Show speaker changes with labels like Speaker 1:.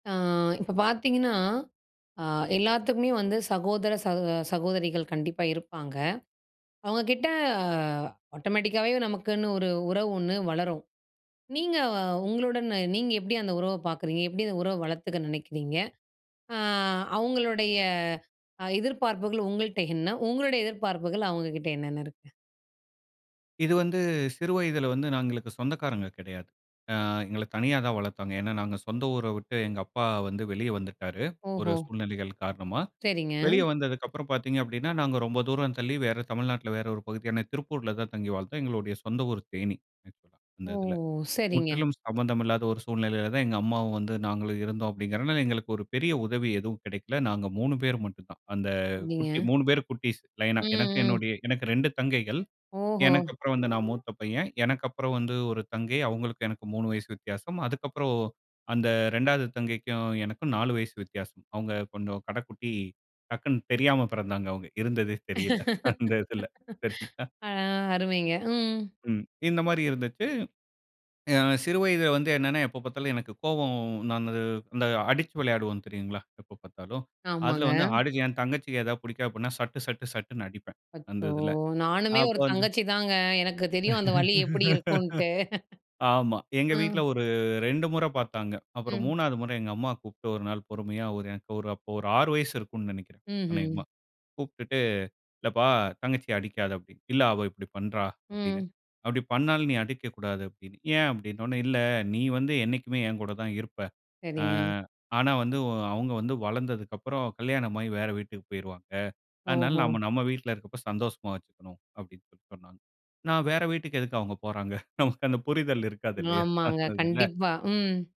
Speaker 1: ஆ. இப்ப பாத்திங்கன்னா அ எல்லாத்துக்குமே வந்து சகோதர சகோ அ சகோதரிகள் கண்டிப்பா இருப்பாங்க. அவங்க கிட்ட அ ஆட்டோமேட்டிக்காவே நமக்குன்னு ஒரு உறவு ஒண்ணு வளரும். நீங்க உங்களுடன் நீங்க எப்படி அந்த உறவ பாக்குறீங்க எப்படி அந்த உறவ வளத்துக்க நினைக்கிறீங்க? அ அவங்களுடைய எதிர்ப்பார்ப்புகள் உங்கள்ட்ட என்ன? உங்களுடைய எதிர்பார்ப்புகள் அவங்ககிட்ட என்னென்ன இருக்கு?
Speaker 2: இது வந்து சிறு வயதுல வந்து நாங்களுக்கு சொந்தக்காரங்க கெடையாது. அ எங்கள தனியா தான் வளத்தாங்க. ஏன்னா நாங்க சொந்த ஊர விட்டு எங்க அப்பா வந்து வெளிய வந்துட்டாரு ஒரு
Speaker 1: ஓஹோ!
Speaker 2: சூழ்நிலைகள் காரணமா.
Speaker 1: செரிங்க.
Speaker 2: வெளிய வந்ததுக்கு அப்புறம் பாத்தீங்க அப்டின்னா நாங்க ரொம்ப தூரம் தள்ளி வேற தமிழ்நாட்ல வேற ஒரு பகுதியான திருப்பூர்ல தான் தங்கி வாழ்ந்தோம். எங்களுடய சொந்த ஊரு தேனி. அந்த
Speaker 1: ஓ!
Speaker 2: இதில
Speaker 1: செரிங்க.
Speaker 2: முற்றிலும் சம்மந்தம் இல்லாத ஒரு சூழ்நிலைல தான் எங்க அம்மாவும் வந்து நாங்களும் இருந்தோம் அப்டிங்கறனால எங்களுக்கு ஒரு பெரிய உதவி எதுவும் கெடைக்ல. நாங்க 3 பேரு மட்டும் தான். அந்த குட்டி
Speaker 1: நீங்க.
Speaker 2: 3 பேரு குட்டீஸ், லைனா. எனக்கு
Speaker 1: ம்ம்.
Speaker 2: என்னுடய எனக்கு 2 தங்கைகள்.
Speaker 1: ஓஹோ!
Speaker 2: எனக்கு அப்புறம் வந்து நான் மூத்த பையன். எனக்கு அப்புறம் வந்து ஒரு தங்கை, அவங்களுக்கும் எனக்கும் 3 வயசு வித்யாசம். அதுக்கப்புறம் ஓ அந்த 2வது தங்கைக்கும் எனக்கும் 4 வயசு வித்யாசம். அவங்க கொஞ்சம் கடக்குட்டி டக்குனு தெரியாம பெறந்தாங்க அவங்க, இருந்ததே தெரியல. அந்த இதில சரிங்களா?
Speaker 1: ஆ, அருமைங்க. ம்.
Speaker 2: ம். இந்த மாரி இருந்துச்சு. அ சிறு வயதுல வந்து என்னன்னா எப்ப பாத்தாலும் எனக்கு கோவம் நானுது இந்த அடுச்சு வெளையாடுவோம் தெரியுங்களா? எப்ப பாத்தாலும். அதுல
Speaker 1: ஆமாங்க.
Speaker 2: வந்து ஆடுக என் தங்கச்சிக்கு ஏதா புடிக்கா அப்புட்னா சட்டு, சட்டு, சட்டுன்னு அடிப்பேன். அந்த
Speaker 1: அச்சோ!
Speaker 2: இதில.
Speaker 1: நானுமே
Speaker 2: அப்ப
Speaker 1: ஒரு
Speaker 2: வந்து
Speaker 1: தங்கச்சி தாங்க. எனக்கு தெரியும் அந்த வலி எப்படி இருக்கும்ட்டு.
Speaker 2: ஆமா. எங்க
Speaker 1: ம்.
Speaker 2: வீட்ல ஒரு 2முற பாத்தாங்க. அப்புறம்
Speaker 1: ம்.
Speaker 2: 3வது முற எங்க அம்மா கூப்ட்டு ஒரு நாள் பொறுமயா, ஒரு எ ஒரு அப் ஒரு 6 வயசு இருக்கும்ன்னு நேனைக்கறேன்
Speaker 1: ம்ஹ்ம்.
Speaker 2: அனேகமா. கூப்ட்டுட்டு "இல்லப்பா தங்கச்சிய அடிக்காதே" அப்டி, இல்ல "அவ இப்டி பண்றா" அப்டின.
Speaker 1: ம்.
Speaker 2: "அப்டி பண்ணாலும் நீ அடிக்கக்கூடாது", அப்டின்னு. "ஏன்?" அப்டினோனே, "இல்ல நீ வந்து என்னைக்குமே என் கூட தான் இருப்ப. ஆ
Speaker 1: சரிங்க.
Speaker 2: ஆனா வந்து ஒ அவங்க வந்து வளந்ததற்கு அப்பறம் கல்யாணமாகி வேற வீட்டிக்கு போயிருவாங்க அதனால
Speaker 1: ஓஹோ!
Speaker 2: நாம நம்ம வீட்ல இருக்கப்ப சந்தோஷமா வெச்சுக்கணும்" அப்டின்னு சொல்லி சொன்னாங்க. நான் "வேற வீட்டிற்கு எதுக்கு அவங்க போறாங்க?" நமக்கு அந்த புரிதல் இருக்காது இல்லயா?
Speaker 1: ஆமாங்க,
Speaker 2: அந்ததுல.
Speaker 1: கண்டிப்பா. ம்.